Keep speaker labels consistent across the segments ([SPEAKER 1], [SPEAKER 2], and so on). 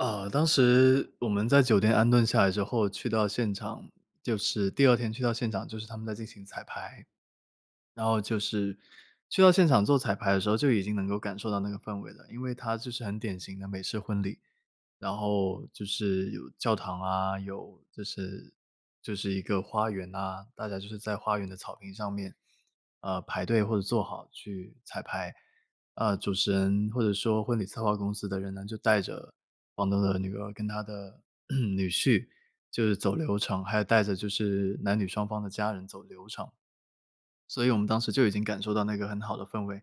[SPEAKER 1] 呃，当时我们在酒店安顿下来之后去到现场，就是第2天去到现场就是他们在进行彩排。然后就是去到现场做彩排的时候，就已经能够感受到那个氛围了，因为他就是很典型的美式婚礼，然后就是有教堂啊，有就是就是一个花园啊，大家就是在花园的草坪上面，呃，排队或者坐好去彩排。呃，主持人或者说婚礼策划公司的人呢，就带着房东的女儿跟他的 女婿就是走流程，还有带着就是男女双方的家人走流程。所以我们当时就已经感受到那个很好的氛围，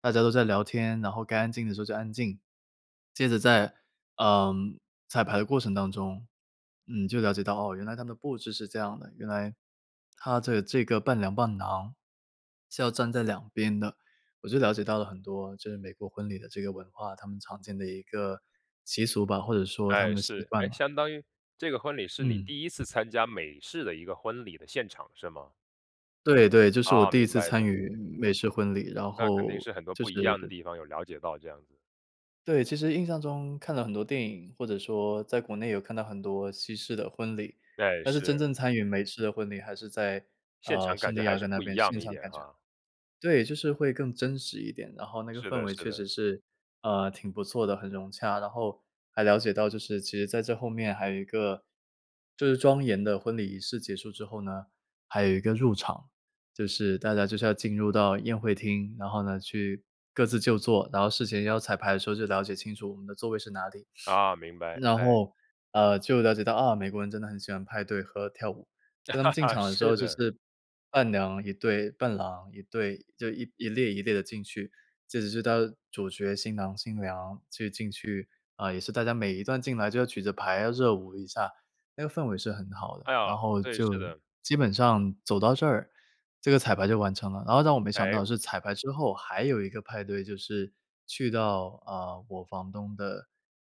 [SPEAKER 1] 大家都在聊天，然后该安静的时候就安静。接着在，呃，彩排的过程当中，嗯，就了解到，哦，原来他们的布置是这样的，原来他的这个伴娘伴郎是要站在两边的，我就了解到了很多就是美国婚礼的这个文化，他们常见的一个习俗吧，或者说他
[SPEAKER 2] 哎，
[SPEAKER 1] 们的习
[SPEAKER 2] 是，诶，
[SPEAKER 1] 惯吧。
[SPEAKER 2] 相当于这个婚礼是你
[SPEAKER 1] 嗯。
[SPEAKER 2] 第1次参加美式的一个婚礼的现场是吗？
[SPEAKER 1] 对对，这是我
[SPEAKER 2] 啊，
[SPEAKER 1] 第1
[SPEAKER 2] 明
[SPEAKER 1] 次
[SPEAKER 2] 白
[SPEAKER 1] 参
[SPEAKER 2] 的。
[SPEAKER 1] 与美式婚礼，然
[SPEAKER 2] 那肯定
[SPEAKER 1] 后
[SPEAKER 2] 是很多
[SPEAKER 1] 就
[SPEAKER 2] 不
[SPEAKER 1] 是
[SPEAKER 2] 一样的地方有了解到这样子。
[SPEAKER 1] 对，其实印象中看了很多电影，或者说在国内有看到很多西式的婚礼，
[SPEAKER 2] 对，
[SPEAKER 1] 但是真
[SPEAKER 2] 是。
[SPEAKER 1] 正参与美式的婚礼还是在，
[SPEAKER 2] 现
[SPEAKER 1] 呃，
[SPEAKER 2] 场感
[SPEAKER 1] 圣地
[SPEAKER 2] 觉还
[SPEAKER 1] 亚
[SPEAKER 2] 是
[SPEAKER 1] 哥那
[SPEAKER 2] 不一
[SPEAKER 1] 边
[SPEAKER 2] 样
[SPEAKER 1] 欣
[SPEAKER 2] 一
[SPEAKER 1] 赏
[SPEAKER 2] 点
[SPEAKER 1] 感觉。
[SPEAKER 2] 哈。
[SPEAKER 1] 对，就是会更真实一点，然后那个
[SPEAKER 2] 是
[SPEAKER 1] 氛
[SPEAKER 2] 的
[SPEAKER 1] 围
[SPEAKER 2] 是
[SPEAKER 1] 确
[SPEAKER 2] 的。
[SPEAKER 1] 实是，呃，挺不错的，很融洽，然后还了解到就是其实在这后面还有一个就是庄严的婚礼仪式结束之后呢，还有一个入场，就是大家就是要进入到宴会厅，然后呢去各自就坐，然后事前要彩排的时候就了解清楚我们的座位是哪里。
[SPEAKER 2] 啊，明白，
[SPEAKER 1] 然
[SPEAKER 2] 唉。
[SPEAKER 1] 后，呃，就了解到啊，美国人真的很喜欢派对和跳舞，所以他们进 场的时
[SPEAKER 2] 是
[SPEAKER 1] 候就
[SPEAKER 2] 的。
[SPEAKER 1] 是。伴娘1队，伴郎1队，就1-1列1列地进去，这只是他主角新郎新娘就进去啊，也是大家每一段进来就要举牌，要热舞一下。那个氛围是很好的，
[SPEAKER 2] 哎呀，
[SPEAKER 1] 然后
[SPEAKER 2] 对，
[SPEAKER 1] 就
[SPEAKER 2] 是的。
[SPEAKER 1] 基本上走到这儿，这个彩排就完成了，然后让我没想到
[SPEAKER 2] 唉。
[SPEAKER 1] 是彩排之后还有一个派对就是，去到，啊，我房东的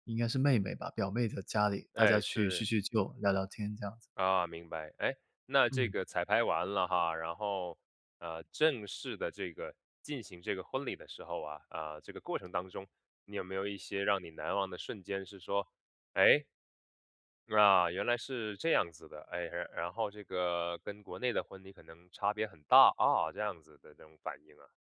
[SPEAKER 1] 应该是妹妹吧，表妹的家里，大家
[SPEAKER 2] 诶，
[SPEAKER 1] 去叙
[SPEAKER 2] 是。
[SPEAKER 1] 叙旧，聊聊天这样子。
[SPEAKER 2] 啊，明白。诶，那这
[SPEAKER 1] 嗯。
[SPEAKER 2] 个彩排完了哈，然后，呃，正式的这个进行这个婚礼的时候啊，呃，这个过程当中，你有没有一些让你难忘的瞬间是说，诶，啊，原来是这样子的，诶，然然后这个跟国内的婚礼可能差别很大，啊，这样子的这种反应啊。